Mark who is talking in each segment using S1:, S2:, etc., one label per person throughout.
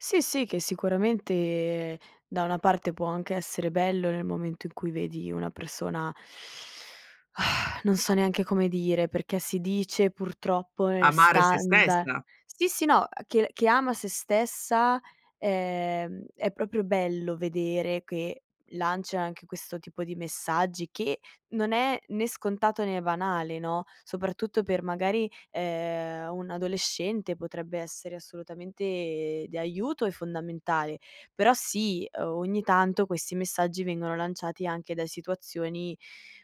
S1: Sì, sì, che sicuramente da una parte può anche essere bello, nel momento in cui vedi una persona, non so neanche come dire, perché si dice purtroppo nel
S2: Amare sé
S1: standa
S2: stessa.
S1: sì, sì, no, uhm, che che ama sé stessa, ehm, è proprio bello vedere che lancia anche questo tipo di messaggi, che non è né scontato né banale, no, soprattutto per magari, ehm, un adolescente potrebbe essere assolutamente di aiuto e fondamentale. Però sì, uhm, ogni tanto questi messaggi vengono lanciati anche da situazioni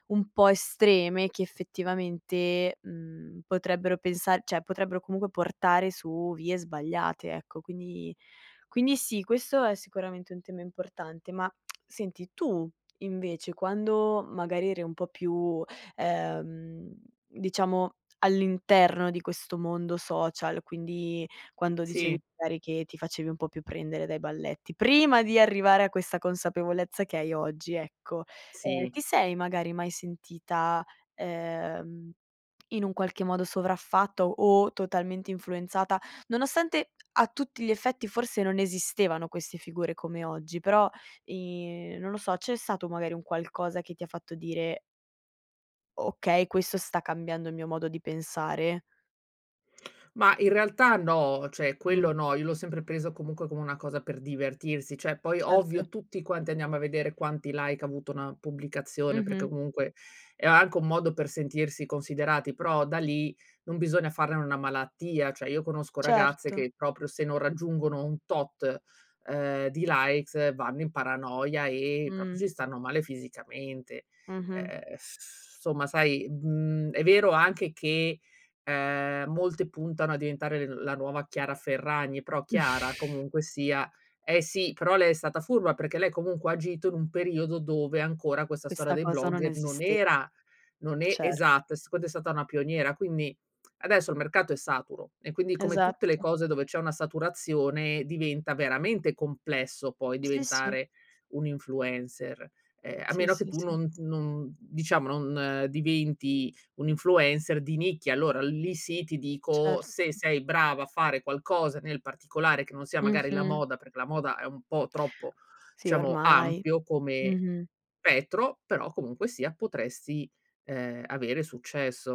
S1: un po' estreme che effettivamente, mhmm, potrebbero pensar cioè potrebbero comunque portare su vie sbagliate, ecco. Quindi quindi sì, questo è sicuramente un tema importante, ma senti, tu invece quando magari eri un po' più, ehm, diciamo all'interno di questo mondo social, quindi quando dicevi
S2: Sì.
S1: magari che ti facevi un po' più prendere dai balletti, prima di arrivare a questa consapevolezza che hai oggi, ecco, ehm,
S2: Sì.
S1: ti sei magari mai sentita, ehm, in un qualche modo sovraffatta o totalmente influenzata, nonostante a tutti gli effetti forse non esistevano queste figure come oggi? Però i non lo so, c'è stato magari un qualcosa che ti fatto dire "Okay, questo sta cambiando il mio modo di pensare"?
S2: Ma in realtà no, cioè
S1: Mh.
S2: quello no, io l'ho sempre preso comunque come una cosa per divertirsi. Cioè, poi
S1: Certo.
S2: ovvio, tutti quanti andiamo a vedere quanti like ha avuto una pubblicazione perché
S1: Mh-mh.
S2: comunque è anche un modo per sentirsi considerati, però da lì non bisogna farne n una malattia. Cioè, io conosco ragazze
S1: Certo.
S2: che proprio se non raggiungono un tot, ehm, di likes vanno in paranoia e proprio
S1: Mh.
S2: ci stanno male fisicamente.
S1: Mh-mh.
S2: Ehm, s somma, sai, mhmm, è vero anche che, ehm, molte puntano a diventare le la nuova Chiara Ferragni, però Chiara comunque sia eh sì, però lei è stata furba, perché lei comunque ha agito in un periodo dove ancora questa storia
S1: Questa
S2: dei
S1: cosa non
S2: blogger non
S1: esiste
S2: era non e
S1: Certo.
S2: esatto, e secondo è stata una pioniera, quindi adesso il mercato è saturo e quindi come tutte le
S1: Esatto.
S2: cose dove c'è una saturazione, diventa veramente complesso poi
S1: Sì, sì.
S2: diventare un influencer. Ehm, a
S1: Sì,
S2: meno che
S1: sì,
S2: tu
S1: sì.
S2: non non diciamo non diventi un influencer di nicchia, allora lì sì, ti dico,
S1: Certo.
S2: se sei bravo a fare qualcosa nel particolare, che non sia magari la
S1: Mh-mh.
S2: moda, perché la moda è un po' troppo
S1: Sì,
S2: diciamo
S1: ormai.
S2: ampio come
S1: Mh-mh.
S2: spettro, però comunque sia potresti, ehm, avere successo.